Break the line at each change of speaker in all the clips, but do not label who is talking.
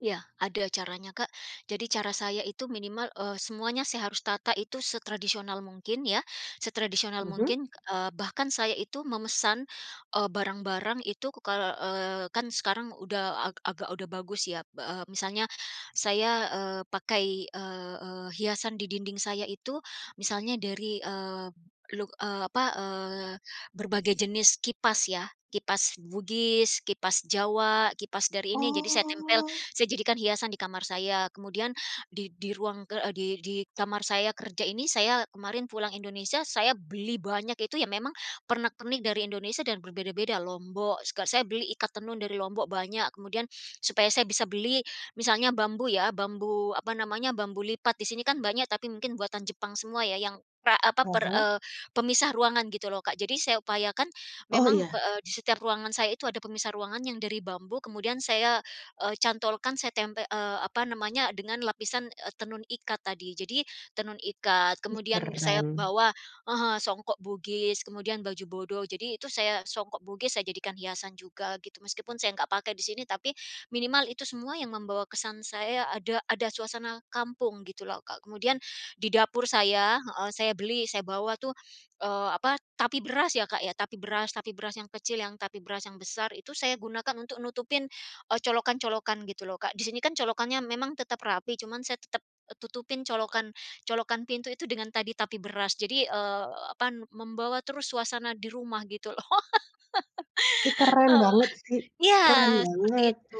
Iya, ada caranya, Kak. Jadi cara saya itu minimal, eee, semuanya saya harus tata itu setradisional mungkin ya, setradisional
Mhm.
mungkin, eee, bahkan saya itu memesan, eee, barang-barang itu kal eee, kan sekarang udah a agak udah bagus ya b eee, misalnya saya, eee, pakai, eee eee, hiasan di dinding saya itu misalnya dari, eee, luk eee, apa, eee, berbagai jenis kipas ya, kipas Bugis, kipas Jawa, kipas dari ini jadi saya tempel,
Oh.
saya jadikan hiasan di kamar saya. Kemudian di di ruang, eee, di di kamar saya kerja ini saya kemarin pulang Indonesia, saya beli banyak itu ya memang pernak pernik dari Indonesia dan berbeda-beda, Lombok seka saya beli ikat tenun dari Lombok banyak, kemudian supaya saya bisa beli misalnya bambu ya, bambu, apa namanya, bambu lipat di sini kan banyak tapi mungkin buatan Jepang semua ya yang pra apa,
Ah
per,
hah.
eee, pemisah ruangan gitu loh, Kak. Jadi saya upayakan
Oh
memang,
iya.
pe eee, di setiap ruangan saya itu ada pemisah ruangan yang dari bambu kemudian saya, eee, cantolkan saya tempe eee, apa namanya, dengan lapisan, eee, tenun ikat tadi. Jadi tenun ikat
Ih
kemudian saya
keren.
bawa heeh, songkok Bugis kemudian baju bodo, jadi itu saya songkok Bugis saya jadikan hiasan juga gitu meskipun saya nggak pakai di sini tapi minimal itu semua yang membawa kesan saya ada ada suasana kampung gitu loh, Kak. Kemudian di dapur saya heeh, saya beli saya bawa tuh, eee, apa, tapi beras ya Kak ya, tapi beras tapi beras yang kecil yang tapi beras yang besar, itu saya gunakan untuk nutupin, eee, colokan-colokan gitu loh, Kak. Di sini kan colokannya memang tetap rapi cuman saya tetep e tutupin colokan -colokan pintu itu dengan tadi tapi beras jadi, eee, apa, n membawa terus suasana di rumah gitu loh.
Ih keren
Eh
banget sih,
iya,
keren
seperti
banget.
itu.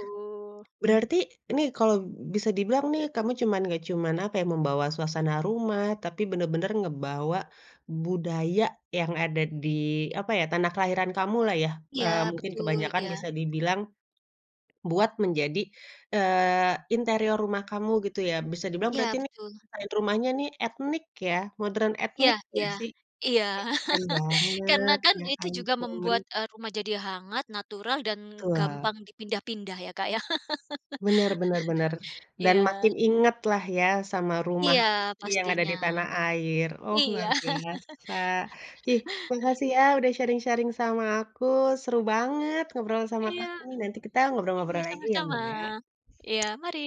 Berarti ini kalo bisa dibilang nih kamu cuman nggak cuman, apa ya, membawa suasana rumah tapi bener-bener ngebawa budaya yang ada di, apa ya, tanah kelahiran kamu lah ya,
Iya
eee, mungkin
betul,
kebanyakan
iya.
bisa dibilang buat menjadi, eee, interior rumah kamu gitu ya, bisa dibilang
Iya
berarti ini,
betul.
desain rumahnya ini etnik ya modern
Iya
etnik
iya,
nggak sih? Ih
iya.
keren
Karena
banget
kan
ya
itu juga
ampun.
membuat, eee, rumah jadi hangat natural dan
Tua.
gampang dipindah-pindah ya, Kak, ya.
Bener bener bener, dan
Iya.
makin ingat lah ya sama rumah
Iya,
isi yang ada
pastinya.
di tanah air, oh
Iya.
luar biasa. Ih makasih ya udah sharing-sharing sama aku, seru banget ngobrol sama
Iya.
kamu nih, nanti kita
Iya
ngobrol-ngobrol lagi ya,
sama-sama,
Mbak. O
iya mari.